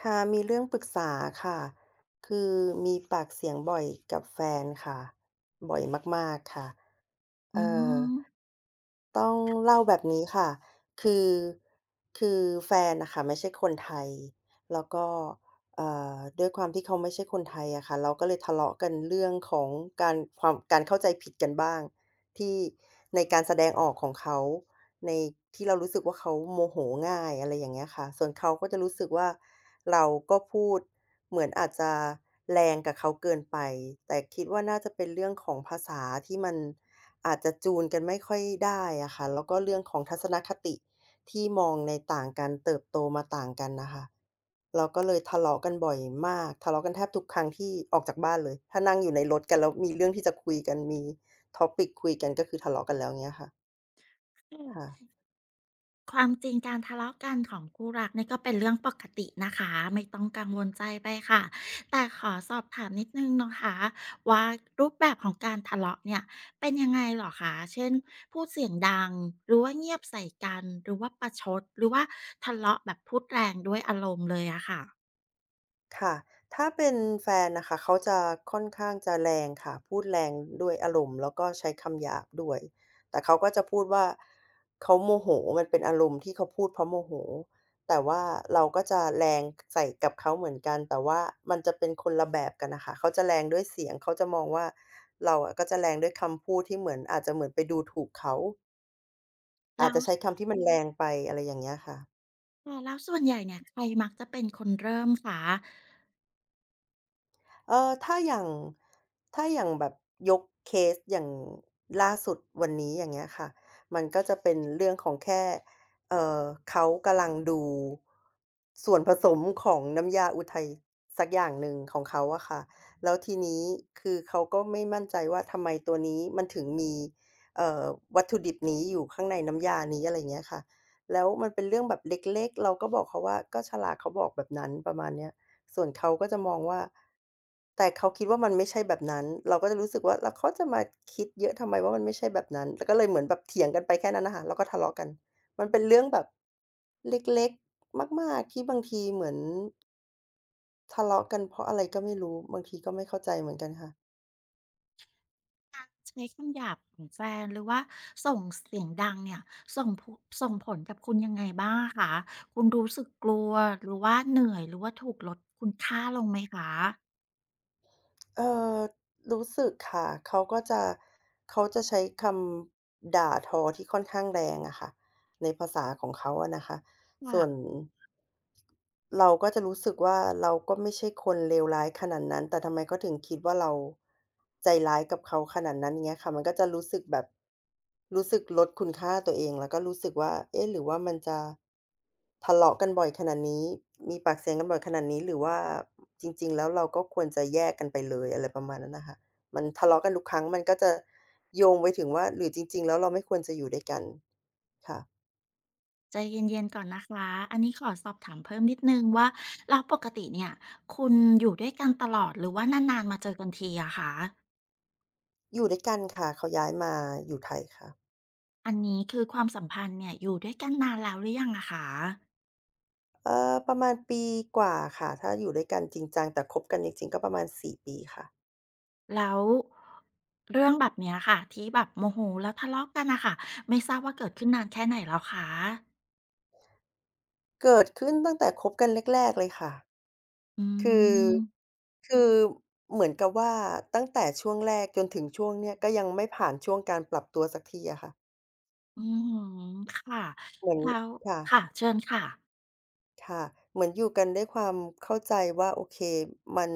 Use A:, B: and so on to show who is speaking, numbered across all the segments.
A: ค่ะ มีเรื่องปรึกษาค่ะ คือ มีปากเสียงบ่อยกับแฟนค่ะ บ่อยมาก ๆ ค่ะ
B: อ
A: เ
B: ื
A: อ่อ
B: ม
A: ต้องเล่า แบบนี้ค่ะ คือ คือแฟนน่ะค่ะไม่ใช่คนไทย แล้วก็ อ่า ด้วยความที่เขาไม่ใช่คนไทยอะค่ะ เราก็เลยทะเลาะกันเรื่องของการ ความ การเข้าใจผิด กันบ้าง ที่ ในการแสดงออกของเขา ใน ที่เรารู้สึกว่าเขาโมโหง่าย อะไรอย่างเงี้ยค่ะ ส่วนเขาก็จะรู้สึกว่า เราก็พูดเหมือนอาจจะแรงกับเขาเกินไป แต่คิดว่า น่าจะเป็นเรื่องของภาษา ที่มันอาจจะจูนกันไม่ค่อยได้อะค่ะ แล้วก็เรื่องของ ทัศนคติที่มองในต่างกัน เติบโตมาต่างกันน่ะค่ะ เราก็เลยทะเลาะกันบ่อยมาก ทะเลาะกันแทบทุกครั้งที่ออกจากบ้านเลย ถ้านั่งอยู่ในรถกัน แล้วมีเรื่องที่จะคุยกัน มี Topic คุยกัน ก็คือทะเลาะกันแล้ว เงี้ยค่ะ
B: [unintelligible] อืม อ
A: ค่ะ
B: ือ [unintelligible] ความจริงการทะเลาะกันของคู่รักนี่ ก็เป็นเรื่องปกตินะคะ ไม่ต้องกังวลใจไปค่ะ แต่ขอสอบถามนิดหนึ่งนะคะว่า รูปแบบของการทะเลาะเนี่ย เป็นยังไงเหรอคะ? เช่น พูดเสียงดัง หรือว่าเงียบใส่กัน หรือว่าประชด หรือว่าทะเลาะแบบพูดแรงด้วยอารมณ์เลยอะค่ะ?
A: ค่ะ ถ้าเป็นแฟนน่ะค่ะ เขาจะค่อนข้างจะแรงค่ะ พูดแรงด้วยอารมณ์ แล้วก็ใช้คำหยาบด้วย แต่เขาก็จะพูดว่า เขาโมโห มันเป็นอารมณ์ที่เขาพูด เพราะโมโห แต่ว่าเราก็จะแรง ใส่กับเขาเหมือนกัน แต่ว่ามันจะเป็นคนละแบบกันอะคะ เขาจะแรงด้วยเสียง เขาจะมองว่า เราอะก็จะแรงด้วยคำพูด ที่เหมือนอาจจะเหมือนไปดูถูกเขา
B: แ
A: อ
B: ล
A: า
B: ้
A: จ
B: ว
A: จะใช้
B: ส
A: คำที่มันแรง ไป อะไรอย่างเงี้ยค่ะ
B: แต่แล้วส่วนใหญ่เนี่ย ใครมักจะเป็น คนเริ่มคะ?
A: เออ ถ้าอย่าง ถ้าอย่างแบบยกเคสอย่างล่าสุดวันนี้ อย่างเงี้ยค่ะ มันก็ จะเป็นเรื่องของแค่ เอ่อ เขากำลังดูส่วนผสมของน้ำยาอุทัย สักอย่างหนึ่งของเขาอะคะ แล้วทีนี้ คือเขาก็ไม่มั่นใจว่า ทำไมตัวนี้มันถึงมี เอ่อ วัตถุดิบนี้อยู่ข้างในน้ำยานี้ อะไรอย่างเงี้ยค่ะ แล้วมันเป็นเรื่องแบบเล็ก ๆ เราก็บอกเขาว่า ก็ฉลากเขาบอกแบบนั้น ประมาณเนี้ย ส่วนเขาก็จะมองว่า แต่เขาคิดว่า มันไม่ใช่แบบนั้น เราก็จะรู้สึกว่า เขาจะมาคิดเยอะทำไมว่ามันไม่ใช่แบบนั้น ก็เลยเหมือนแบบเถียงกันไปแค่นั้นอะคะ แล้วก็ทะเลาะกัน มันเป็นเรื่องแบบเล็ก ๆ มาก ๆ ที่บางทีเหมือน ทะเลาะกันเพราะอะไรก็ไม่รู้ บางทีก็ไม่เข้าใจเหมือนกันค่ะ
B: การ ใช้คำหยาบของแฟน หรือว่าส่งเสียง ดังเนี่ย ส่ง ผุ ส่งผลกับคุณยังไงบ้างอะคะ? คุณรู้สึกกลัว หรือว่าเหนื่อย หรือว่าถูกลดคุณค่าลงไหมคะ?
A: เอ่อ รู้สึกค่ะ เขาก็จะ เขาจะใช้คำด่าทอ ที่ค่อนข้างแรงอะค่ะ ในภาษา ของเขาอะนะคะ
B: ค
A: ส
B: ่
A: ่
B: ะ
A: วน เราก็จะรู้สึกว่า เราก็ไม่ใช่คนเลวร้ายขนาดนั้น แต่ทำไมเขาถึงคิดว่า เรา ใจร้ายกับเขาขนาดนั้น? อย่างเงี้ยค่ะ มันก็จะรู้สึกแบบ รู้สึกลดคุณค่าตัวเอง แล้วก็รู้สึกว่า เอ๊ะ! หรือว่ามันจะ ทะเลาะกัน บ่อยขนาดนี้ มีปากเสียงกันบ่อยขนาดนี้ หรือว่า จริง ๆ แล้วเราก็ควรจะแยกกันไปเลย อะไรประมาณนั้นน่ะค่ะ มันทะเลาะกันทุกครั้ง มันก็จะโยงไปถึงว่า หรือจริง ๆ แล้วเราไม่ควรจะอยู่ด้วยกัน? ค่ะ
B: ใจเย็น ๆ ก่อนนะคะ อันนี้ขอสอบถามเพิ่มนิด หนึ่งว่า แล้วปกติเนี่ย คุณอยู่ด้วยกันตลอด หรือว่านาน ๆ มาเจอกันทีอะคะ?
A: อยู่ด้วยกัน ค่ะ เขาย้ายมาอยู่ไทยค่ะ
B: อันนี้คือความสัมพันธ์เนี่ย อยู่ด้วยกันนานแล้วหรือยังอะคะ?
A: เอ่อ ประมาณปีกว่าค่ะ ถ้าอยู่ด้วยกันจริงจัง แต่คบกันจริง ๆ ก็ประมาณ 4 ปีค่ะ
B: แล้ว เรื่องแบบเนี้ยค่ะ ที่แบบโมโหแล้วทะเลาะกันน่ะค่ะ ไม่ทราบว่าเกิดขึ้นนานแค่ไหนแล้วคะ?
A: เกิดขึ้นตั้งแต่คบกันแรก ๆ เลยค่ะ
B: อื
A: คือ
B: ม
A: คือเหมือนกับว่า ตั้งแต่ช่วงแรกจนถึงช่วงเนี้ย ก็ยังไม่ผ่านช่วงการปรับตัวสักทีอะค่ะ
B: อือฮึ ค่ะ
A: เหมือน
B: แล้ว
A: ค่ะ
B: ค่ะ เชิญค่ะ
A: ค่ะ เหมือนอยู่กันด้วยความเข้าใจว่า โอเค มัน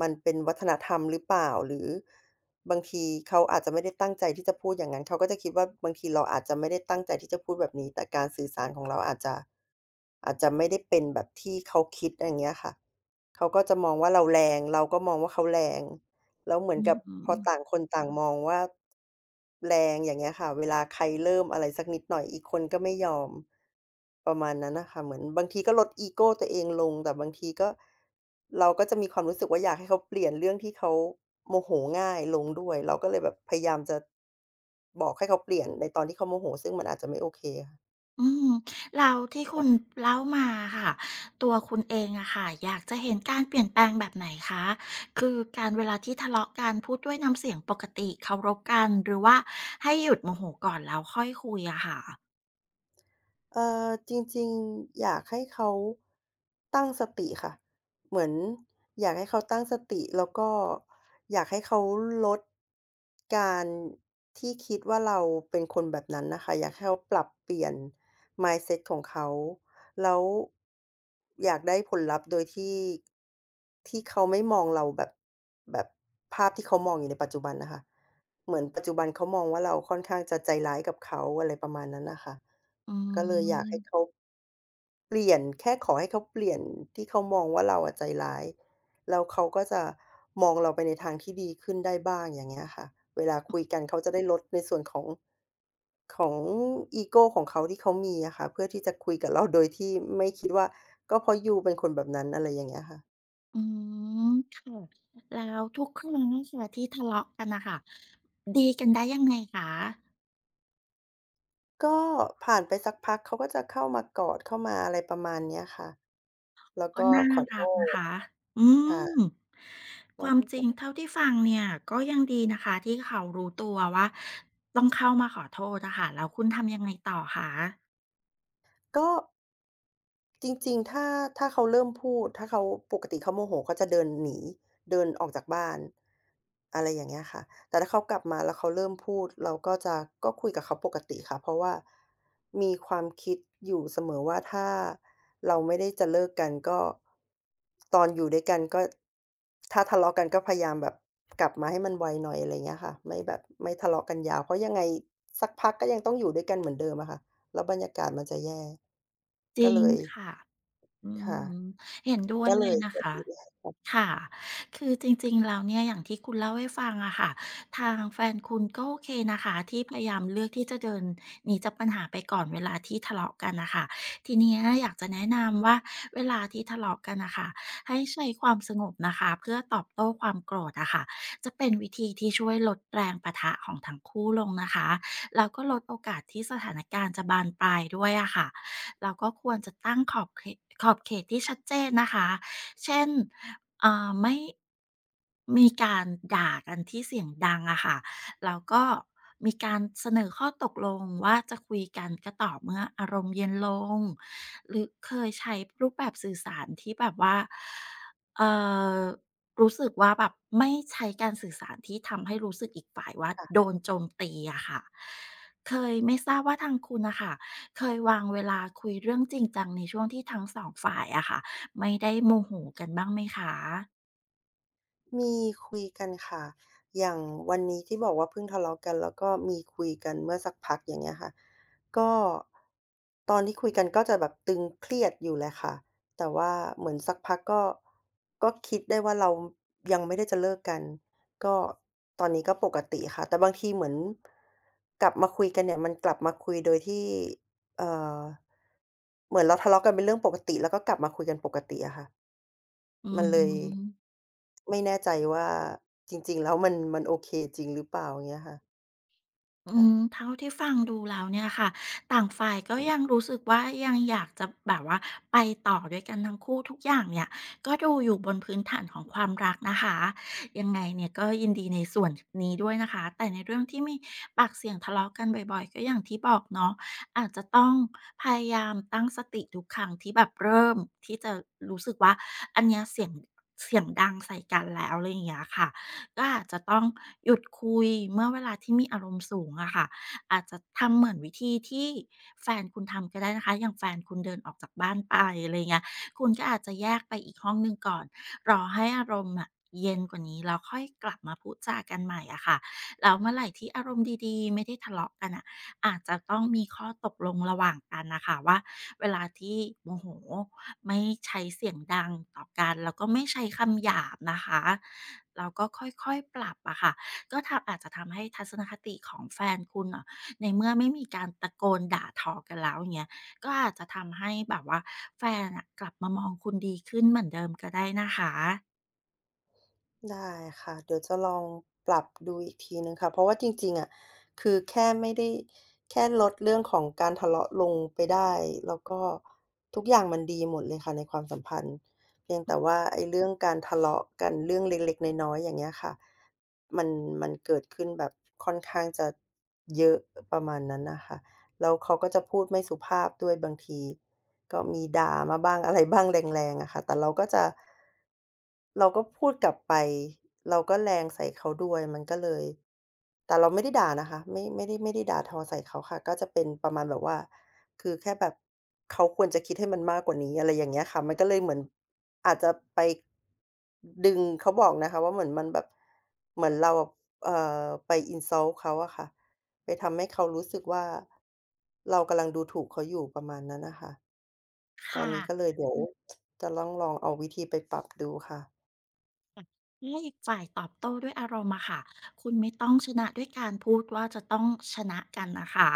A: มันเป็นวัฒนธรรมหรือเปล่า? หรือบางทีเขาอาจจะไม่ได้ตั้งใจที่จะพูดอย่างงั้น เขาก็จะคิดว่า บางทีเราอาจจะไม่ได้ตั้งใจที่จะพูดแบบนี้ แต่การสื่อสารของเราอาจจะ อาจจะไม่ได้เป็นแบบที่เขาคิด อะไรเงี้ยค่ะ เขาก็จะมองว่าเรา แรง เราก็มองว่าเขาแรง แล้วเหมื
B: อ
A: อ
B: ื
A: นกั
B: อ
A: บ
B: ฮ
A: พอ
B: ึ
A: ต่างคนต่าง มองว่า แรง อย่างเงี้ยค่ะ เวลาใครเริ่มอะไรสักนิดหน่อย อีกคนก็ไม่ยอม ประมาณนั้นน่ะค่ะ เหมือนบางทีก็ลดอีโกตัวเองลง แต่บางทีก็ เราก็จะมีความรู้สึกว่า อยากให้เขาเปลี่ยนเรื่องที่เขาโมโหง่ายลงด้วย เราก็เลยแบบพยายามจะ บอกให้เขาเปลี่ยนในตอนที่เขาโมโห ซึ่งมันอาจจะไม่โอเค
B: อืม แล้วที่ค
A: ค
B: ุ
A: ่ะ
B: ณ เล่ามาอะค่ะ ตัวคุณเองอะค่ะ อยากจะเห็นการเปลี่ยนแปลงแบบไหนคะ? คือการ เวลาที่ทะ เลาะกัน พูดด้วยน้ำเสียงปกติเคารพกัน หรือว่า ให้หยุดโมโหก่อนแล้วค่อยคุยอะค่ะ?
A: เอ่อ จริง ๆ อยากให้เขา ตั้งสติค่ะ เหมือนอยากให้เขาตั้งสติ แล้วก็อยากให้เขา ลด การที่คิดว่า เราเป็นคนแบบนั้นน่ะค่ะ อยากให้เขาปรับเปลี่ยน mindset ของเขา แล้ว อยากได้ผลลัพธ์โดยที่ ที่เขาไม่มองเราแบบ แบบภาพที่เขามองอยู่ในปัจจุบันน่ะค่ะ เหมือน ปัจจุบันเขามองว่า เราค่อนข้างจะใจร้ายกับเขา อะไรประมาณนั้นน่ะค่ะ
B: อื
A: ก็เลยอยากให้
B: ม
A: เขา เปลี่ยน แค่ขอให้เขาเปลี่ยนที่เขามองว่า เราอะใจร้าย แล้วเขาก็จะมองเราไปในทางที่ดีขึ้นได้บ้าง อย่างเงี้ยค่ะ เวลาคุยกันเขาจะได้ ลดในส่วนของ ของอีโกของเขาที่เขามีอะค่ะ เพื่อที่จะ คุยกับเรา โดยที่ไม่คิดว่า ก็เพราะยูเป็นคนแบบนั้น อะไรอย่างเงี้ยค่ะ
B: อืม ค่ะ แล้ว ทุกครั้งเนี่ยค่ะ ที่ทะเลาะกันน่ะค่ะ ดีกันได้ยังไงคะ?
A: ก็ผ่านไปสักพัก เขาก็จะเข้ามากอดเข้ามา อะไรประมาณเนี้ยค่ะ แล้ว
B: ก
A: ก
B: ็
A: ็
B: น่า
A: ขอโท
B: รักนะ
A: ษ
B: คะ อื
A: ค่ะ
B: ม ความจริงเท่าที่ฟังเนี่ย ก็ยังดีนะคะที่เขารู้ตัวว่า ต้องเข้ามาขอโทษอะค่ะ แล้วคุณทำยังไงต่อคะ?
A: ก็ จริง ๆ ถ้า ถ้าเขาเริ่มพูด ถ้าเขา ปกติเขาโมโหเขาจะเดินหนี เดินออกจากบ้าน อะไรอย่างเงี้ยค่ะ แต่ถ้าเขากลับมาแล้วเขาเริ่มพูด เราก็จะ ก็คุยกับเขาปกติค่ะ เพราะว่ามีความคิดอยู่เสมอว่า ถ้าเราไม่ได้จะเลิกกันก็ ตอนอยู่ด้วยกันก็ ถ้าทะเลาะกันก็พยายามแบบ กลับมาให้มันไวหน่อย อะไรอย่างเงี้ยค่ะ ไม่แบบไม่ทะเลาะกันยาว เพราะยังไงสักพักก็ยังต้องอยู่ด้วยกันเหมือน เดิมอะค่ะ แล้วบรรยากาศมันจะแย่
B: จ
A: ก
B: ร
A: ็
B: ิ
A: เ
B: ง
A: ลย
B: ค่ะ อื
A: ค่ะ
B: ม เห็นด้ว
A: ก
B: ย
A: ็เ
B: เล
A: ล
B: ย
A: ย
B: นะคะ ค่ะ คือจริง ๆ แล้วเนี่ย อย่างที่คุณเล่าให้ฟังอะค่ะ ทางแฟนคุณก็โอเคนะคะ ที่พยายามเลือกที่จะเดินหนีจากปัญหาไปก่อนเวลาที่ทะเลาะกันอะค่ะ ทีเนี้ยอยากจะแนะนำว่า เวลาที่ทะเลาะกันอะค่ะ ให้ใช้ความสงบนะคะ เพื่อตอบโต้ความโกรธอะค่ะ จะเป็นวิธีที่ช่วยลดแรงปะทะของทั้งคู่ลงนะคะ แล้วก็ลดโอกาสที่สถานการณ์จะบานปลายด้วยอะค่ะ แล้วก็ควรจะตั้งขอบเขก ขอบเขตที่ชัดเจนนะคะ เช่น อ่า ไม่ มีการด่ากันที่เสียงดังอะค่ะ แล้วก็มีการเสนอข้อตกลงว่า จะคุยกันก็ต่อเมื่ออารมณ์เย็นลง หรือเคยใช้รูปแบบสื่อสารที่แบบว่า เอ่อ รู้สึกว่าแบบไม่ใช้การสื่อสารที่ทำให้รู้สึกอีกฝ่ายว่า
A: ค่ะ
B: โดนโจมตีอะค่ะ เคย ไม่ทราบว่าทางคุณอะค่ะ เคยวางเวลาคุยเรื่องจริงจังในช่วงที่ทั้งสองฝ่ายอะค่ะ ไม่ได้โมโหกันบ้างไหมคะ?
A: มีคุยกันค่ะ อย่างวันนี้ที่บอกว่าเพิ่งทะเลาะกัน แล้วก็มีคุยกันเมื่อสักพักอย่างเงี้ยค่ะ ก็ ตอนที่คุยกันก็จะแบบตึงเครียดอยู่แหละค่ะ แต่ว่าเหมือนสักพักก็ ก็คิดได้ว่า เรายังไม่ได้จะเลิกกัน ก็ ตอนนี้ก็ปกติค่ะ แต่บางทีเหมือน กลับมาคุยกันเนี่ย มันกลับมาคุยโดยที่ เอ่อ เหมือนเราทะเลาะกันเป็นเรื่องปกติ แล้วก็กลับมาคุยกันปกติอะค่ะ
B: อื
A: มันเลย
B: ม
A: ไม่แน่ใจว่า จริง ๆ แล้วมัน มันโอเค จริงหรือเปล่า? อย่างเงี้ยค่ะ
B: อ
A: ค
B: ื
A: ่ะ
B: ม เท่าที่ ฟังดูแล้วเนี่ยค่ะ ต่างฝ่ายก็ยังรู้สึกว่ายังอยากจะแบบว่าไปต่อด้วยกันทั้งคู่ ทุกอย่างเนี่ย ก็ดูอยู่บนพื้นฐานของความรักนะคะ ยังไงเนี่ยก็ยินดีในส่วน ท นี้ด้วยนะคะ แต่ในเรื่องที่มีปากเสียงทะเลาะกันบ่อย ๆ ก็อย่างที่บอกเนาะ อาจจะต้องพยายามตั้งสติทุกครั้งที่แบบเริ่มที่จะรู้สึกว่า อันเนี้ยเสียง เสียงดังใส่กันแล้ว ไรอย่างเงี้ยค่ะ ก็อาจจะต้อง หยุดคุย เมื่อเวลาที่มีอารมณ์สูงอะค่ะ อาจจะทำเหมือนวิธีที่แฟนคุณทำก็ได้นะคะ อย่างแฟนคุณเดินออกจากบ้านไป อะไรเงี้ย คุณก็อาจจะแยกไปอีกห้องหนึ่งก่อน รอให้อารมณ์น่ะเย็นกว่านี้ แล้วค่อยกลับมาพูดจากันใหม่อะค่ะ แล้วเมื่อไหร่ที่อารมณ์ดี ๆ ไม่ได้ทะเลาะกันน่ะ อาจจะต้องมีข้อตกลงระหว่างกันน่ะค่ะว่า เวลาที่โมโหไม่ใช้เสียงดังต่อกัน แล้วก็ไม่ใช้คำหยาบนะคะ แล้วก็ค่อย ๆ ปรับอะค่ะ ก็แถบ อาจจะทำให้ทัศนคติของแฟนคุณอะ ในเมื่อไม่มีการตะโกนด่าทอกันแล้วอย่างเงี้ย ก็อาจจะทำให้แบบว่า แฟนน่ะกลับมามองคุณดีขึ้นเหมือนเดิมก็ได้นะคะ
A: ได้ค่ะ เดี๋ยวจะลองปรับดูอีกทีหนึ่งค่ะ เพราะว่าจริง ๆ อะ คือแค่ไม่ได้ แค่ลดเรื่องของการทะเลาะลงไปได้ แล้วก็ทุกอย่างมันดีหมดเลยค่ะในความ สัมพันธ์ เพียงแต่ว่าไอ้ เรื่องการ ทะเลาะกันเรื่องเล็ก ๆ น้อย ๆ อย่างเงี้ยค่ะ มัน มันเกิดขึ้นแบบ ค่อนข้างจะเยอะ ประมาณนั้นน่ะค่ะ แล้วเขาก็จะพูดไม่สุภาพด้วยบางที ก็มีด่ามาบ้าง อะไรบ้าง แรง ๆ อะค่ะ แต่เราก็จะ เราก็พูดกลับไป เราก็แรงใส่เขาด้วย มันก็เลย แต่เราไม่ได้ด่านะคะ ไม่ ไม่ได้ ไม่ได้ด่าทอใส่เขาค่ะ ก็จะเป็นประมาณแบบว่า คือแค่แบบเขาควรจะคิดให้มันมากกว่านี้ อะไรอย่างเงี้ยค่ะ มันก็เลยเหมือนอาจจะไป ดึง เขาบอกนะคะว่าเหมือนมันแบบ เหมือนเรา บ เอ่อ ไป insult เขาอะค่ะ ไปทำให้เขารู้สึกว่า เรากำลังดูถูกเขาอยู่ ประมาณนั้นน่ะค่ะ ต
B: ค่ะ
A: อนนี้ก็เลยเดี๋ยว จะล่องลองเอาวิธีไป ปรับดูค่ะ
B: ค่ะ เมื่ออีกฝ่ายตอบโต้ด้วยอารมณ์อะค่ะ คุณไม่ต้องชนะด้วยการพูดว่า จะต้องชนะกันนะคะ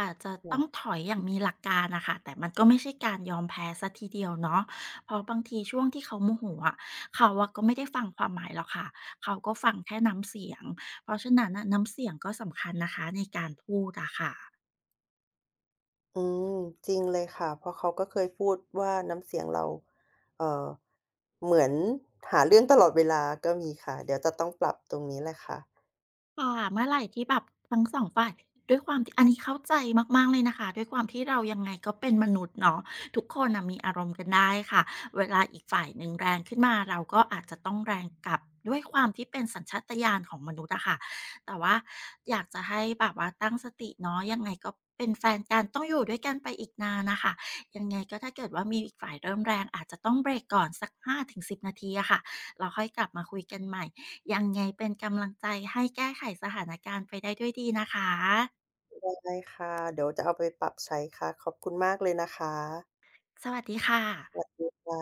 B: อาจจะ
A: เหร
B: ต้อง
A: อ?
B: ถอยอย่างมีหลักการน่ะค่ะ แต่มันก็ไม่ใช่การยอมแพ้เสียทีเดียวเนาะ เพราะบางทีช่วงที่เขาโมโหอะ เขาอะก็ไม่ได้ฟังความหมายหรอกค่ะ เขาก็ฟังแค่น้ำเสียง เพราะฉะนั้นน่ะ น้ำเสียงก็สำคัญนะคะ ในการพูดอะค่ะ
A: อืม จริงเลยค่ะ เพราะเขาก็เคยพูดว่า น้ำเสียงเรา เอ่อ เหมือนหาเรื่องตลอดเวลา ก็มีค่ะ เดี๋ยวจะต้อง ปรับตรงนี้แหละค่ะ
B: ค่ะ เมื่อไหร่ที่แบบ ทั้ง 2 ฝ่าย ด้วยความที่ อันนี้เข้าใจมาก ๆ เลยนะคะ ด้วยความที่เรายังไงก็เป็นมนุษย์เนาะ ทุกคนน่ะมีอารมณ์กันได้ค่ะ เวลาอีกฝ่ายหนึ่งแรงขึ้นมา เราก็อาจจะต้องแรงกลับ ด้วยความที่เป็นสัญชาตญาณของมนุษย์อะค่ะ แต่ว่าอยากจะให้แบบว่าตั้งสติเนาะ ยังไงก็เป็นแฟนกัน ต้องอยู่ด้วยกันไปอีกนานน่ะค่ะ ยังไงก็ถ้าเกิดว่ามีอีกฝ่ายเริ่มแรง อาจจะต้องเบรกก่อนสัก 5-10 นาทีอะค่ะ แล้วค่อยกลับมาคุยกันใหม่ ยังไงเป็นกำลังใจให้แก้ไขสถานการณ์ไปได้ด้วยดีนะคะ
A: ได้ ได้ค่ะ เดี๋ยวจะเอาไปปรับใช้ค่ะ ขอบคุณมากเลยนะคะ
B: สวัสดี ค่
A: ส
B: ะ
A: วัสดีค่ะ